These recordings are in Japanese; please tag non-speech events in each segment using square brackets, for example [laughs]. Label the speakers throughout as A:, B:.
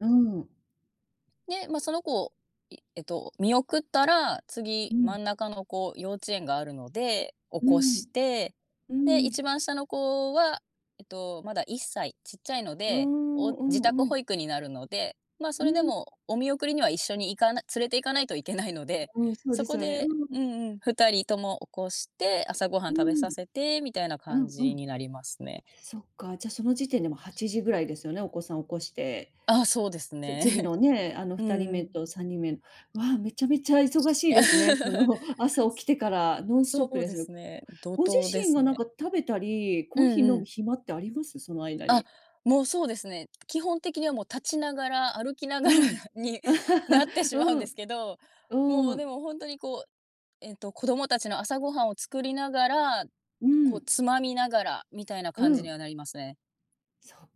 A: うん。
B: で、ま、その子をいえっと、見送ったら、
A: う
B: 次、
A: ん。
B: 真ん中の子、幼稚園があるので、起
A: う
B: こ
A: ん
B: して、
A: う
B: で、いち
A: ん。
B: ばんしたの子は、えっと、まだ1歳、ちっちゃいの
A: うー
B: で、
A: ん
B: お
A: う
B: 自
A: ん
B: 宅
A: うん。
B: 保育になるので、ま、そ
A: う
B: れで
A: ん。
B: もお見送りには一緒に行かな連れて行かないといけないので、
A: うん、そう
B: そ
A: です
B: こ
A: よね、
B: で
A: う
B: う
A: ん。
B: んうん、2人とも起こして、朝ごはん
A: う
B: 食べさ
A: ん
B: せてみたいな
A: う
B: 感
A: んう
B: じ
A: ん。
B: になりますね。
A: そっか、じゃ、その時点でもう8時ぐらいですよね、お子さん起こして。
B: ああ、そうです
A: つ次
B: ね。
A: のね、あのふ
B: う
A: たりめ
B: ん。
A: と3人目、わあ、めちゃめちゃ忙しいですね。そ
B: [laughs]
A: の、朝起きてからノンスト
B: そ
A: ップ
B: う
A: です
B: で
A: ね。
B: すね、怒
A: ご自
B: 涛で
A: 身
B: す
A: がなん
B: ね。
A: か食べたり、コ
B: う
A: ーヒ
B: ん
A: ー
B: う
A: 飲む
B: ん。
A: 暇ってあります？その間
B: あ、
A: に。
B: もう、そうですね。き基本的にはもう立ちながら、歩きな
A: う
B: がら
A: ん。
B: になって
A: [chuckles]
B: しまう
A: う
B: んで
A: ん
B: すけど、も
A: う
B: うで
A: ん。
B: も本当にこう、えっと、子供たちの朝ごはんを作りながら、
A: う
B: こう、
A: ん。
B: つまみながらみたいな
A: う
B: 感じに
A: ん。
B: はなりますね。
A: そっ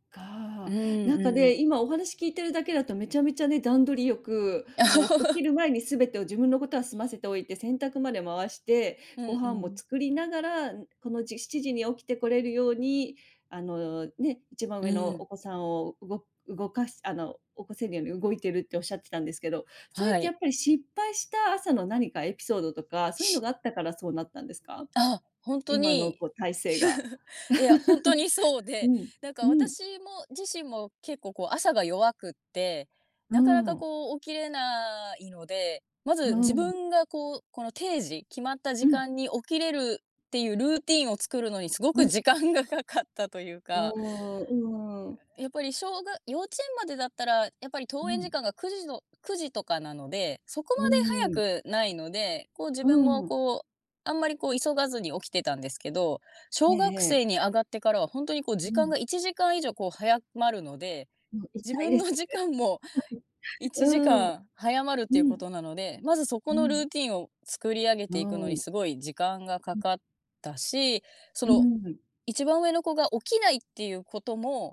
B: うん
A: か。なんか
B: う
A: ね、
B: ん。
A: 今、お話聞いてるだけだとめちゃめちゃね、段取りよく、もうお起きる前にすべてを自
B: [chuckles]
A: 分のことは済ませておいて、洗濯まで回して、
B: う
A: ご
B: んう
A: 飯も
B: ん。
A: 作りながら、ここの7時に起きてこれるようにあの、ね、いちばん
B: う
A: うえの
B: ん。
A: お子さんをうご動かすあの、起こせるように動いてるっておっしゃってたんですけど、それっ
B: は
A: てや
B: い。
A: っぱり失敗した朝の何かエピソードとか、そういうの
B: し
A: があったからそうなったんですか？
B: あ、本当
A: 今の
B: に。
A: こう体制が
B: [giggles] いや、本当にそう
A: [chuckles] う
B: で、
A: ん
B: なん
A: う
B: か
A: ん。
B: 私も自身も、結構こう朝が弱くて、
A: う
B: なかなか
A: ん。
B: こう、起きれないので、ま
A: う
B: ず自
A: ん。
B: 分がこうこの定時、決まった時
A: うん。
B: 間に起きれる、っていうルーティーンを作るのにすご
A: う
B: く
A: ん。
B: 時間がかかったという
A: うー
B: か
A: んうーん。
B: やっぱりしょうが幼稚園までだったら、やっぱり
A: う
B: 登園時
A: ん。
B: 間が、9時の9時とかなので、そこ
A: う
B: ま
A: ん。
B: で早くないので、こう、自
A: う
B: 分も
A: ん。
B: こう、あんまりこう、急がずに起きてたんですけど、
A: え
B: 小
A: え
B: 学生
A: ええ。
B: に上がってからは本当にこう、
A: う
B: 時間
A: ん。
B: が1時間以上こう、早まるので、
A: もう一
B: 自
A: 体で
B: 分
A: す
B: の時
A: ね。
B: 間も、い
A: う
B: ちじ
A: ん
B: かん早まるっ
A: う
B: ていうこ
A: ん
B: となので、まずそこ
A: う
B: のル
A: ん。
B: ーティーンを、作り上げ
A: う
B: ていくのに
A: ん。
B: すごい時間がか
A: うん。
B: かったし、そ
A: う
B: の、
A: ん。
B: 1番上の子が起きないっていうことも